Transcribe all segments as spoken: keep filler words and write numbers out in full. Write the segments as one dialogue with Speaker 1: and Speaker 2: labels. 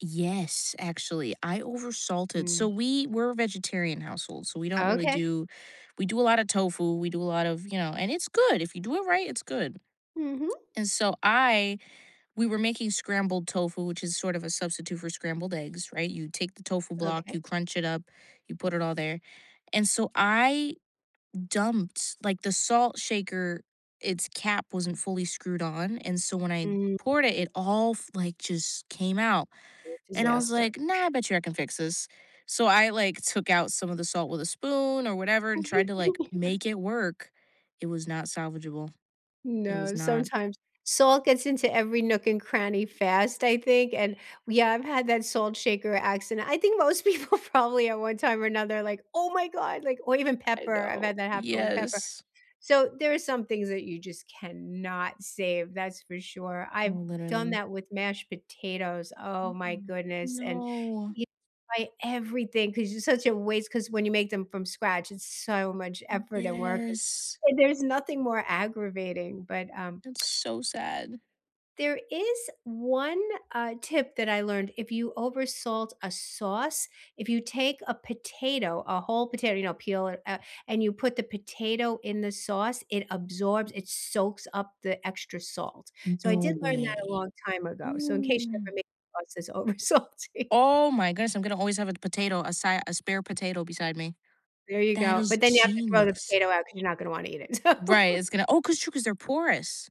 Speaker 1: Yes, actually, I over salted. So
Speaker 2: Mm.
Speaker 1: we were vegetarian household, so we don't really
Speaker 2: Okay.
Speaker 1: do we do a lot of tofu, we do a lot of, you know and it's good if you do it right, it's good,
Speaker 2: Mhm.
Speaker 1: and so I we were making scrambled tofu, which is sort of a substitute for scrambled eggs, right? You take the tofu block,
Speaker 2: Okay.
Speaker 1: you crunch it up, you put it all there, and so I dumped like, the salt shaker, its cap wasn't fully screwed on, and so when I
Speaker 2: Mm.
Speaker 1: poured it all f like, just came out, and I was
Speaker 2: Disaster.
Speaker 1: like, "No, I bet you I can fix this." so I, like, took out some of the salt with a spoon or whatever, and tried to, like, make it work, it was not salvageable, it
Speaker 2: No,
Speaker 1: was not.
Speaker 2: sometimes Salt gets into every nook and cranny fast, I think, and yeah, I've had that salt shaker accident, I think most people probably at one time or another like, "Oh my god," like or even
Speaker 1: I
Speaker 2: pepper, I've
Speaker 1: know.
Speaker 2: had that happen with pepper.
Speaker 1: Yes.
Speaker 2: So, there are some things that you just cannot save, that's for sure,
Speaker 1: Oh,
Speaker 2: I've done
Speaker 1: literally.
Speaker 2: that with mashed potatoes, oh my
Speaker 1: Mm-mm.
Speaker 2: goodness, and
Speaker 1: No.
Speaker 2: y like, everything, 'cause it's such a waste, 'cause when you make them from scratch, it's so much effort, and work, and
Speaker 1: Yes.
Speaker 2: and there's nothing more aggravating, but, um
Speaker 1: It's so sad.
Speaker 2: there is one, uh, tip that I learned, if you over salt a sauce, if you take a potato, a whole potato, you know, peel it up, and you put the potato in the sauce, it absorbs, it soaks up the extra salt, so I
Speaker 1: No
Speaker 2: did learn that a
Speaker 1: way.
Speaker 2: long time ago, so in case you
Speaker 1: Ooh.
Speaker 2: ever make sauce that's over salty.
Speaker 1: Oh my goodness, I'm gonna always have a potato, as si a spare potato beside me.
Speaker 2: There you
Speaker 1: That
Speaker 2: go,
Speaker 1: is
Speaker 2: but then you have to throw the
Speaker 1: genius.
Speaker 2: potato out, 'cause you're not gonna wanna eat it, so
Speaker 1: Right, it's gonna Oh, 'cause True, 'cause they're porous.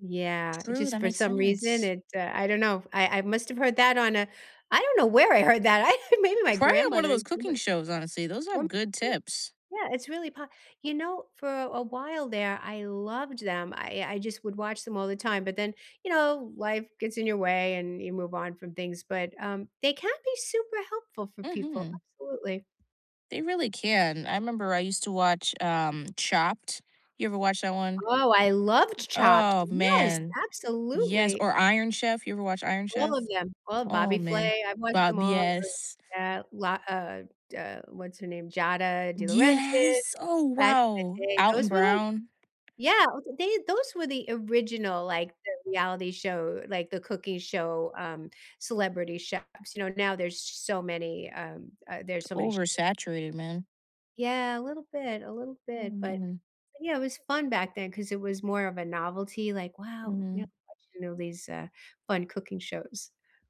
Speaker 2: Yeah, it's
Speaker 1: True,
Speaker 2: just
Speaker 1: that
Speaker 2: for
Speaker 1: makes
Speaker 2: some reason,
Speaker 1: sense.
Speaker 2: it's, uh I don't know, I I must have heard that on a I don't know where I heard that, I think maybe my
Speaker 1: Probably one of
Speaker 2: grandmother
Speaker 1: those
Speaker 2: is
Speaker 1: cooking
Speaker 2: somewhere
Speaker 1: shows, honestly, those have
Speaker 2: [unintelligible]
Speaker 1: good tips.
Speaker 2: Yeah, it's really po You know, for a while there, I loved them, I I just would watch them all the time, but then, you know, life gets in your way, and you move on from things, but, um, they can be super helpful for people,
Speaker 1: Mhm.
Speaker 2: absolutely.
Speaker 1: They really can. I remember I used to watch, um, Chopped. You ever watched that one?
Speaker 2: Oh, I loved Ch Chopped.
Speaker 1: Oh
Speaker 2: Yes,
Speaker 1: man. Yes,
Speaker 2: absolutely.
Speaker 1: or Iron Chef, you ever watched Iron
Speaker 2: All of
Speaker 1: Chef?
Speaker 2: them, all of
Speaker 1: Oh
Speaker 2: Bobby
Speaker 1: man,
Speaker 2: Flay, I've watched them
Speaker 1: Bob
Speaker 2: all, I
Speaker 1: Yes.
Speaker 2: Yeah, lot of da What's her name? Giada DeLaurentis,
Speaker 1: Yes! Oh
Speaker 2: back in the
Speaker 1: wow,
Speaker 2: day,
Speaker 1: Alton
Speaker 2: those were like
Speaker 1: Brown.
Speaker 2: Yeah, I was like they those were the original, like, the reality show like, the cooking show, um, Celebrity Chefs. You know, now there's so many, um, uh
Speaker 1: It's
Speaker 2: there's so many shows that
Speaker 1: oversaturated, man.
Speaker 2: Yeah, a little bit, a little
Speaker 1: Oh
Speaker 2: bit, but but
Speaker 1: man.
Speaker 2: yeah, it was fun back, then 'cause it was more of a novelty, like, "Wow," you know
Speaker 1: Mhm.
Speaker 2: how much you know these, uh, fun cooking shows.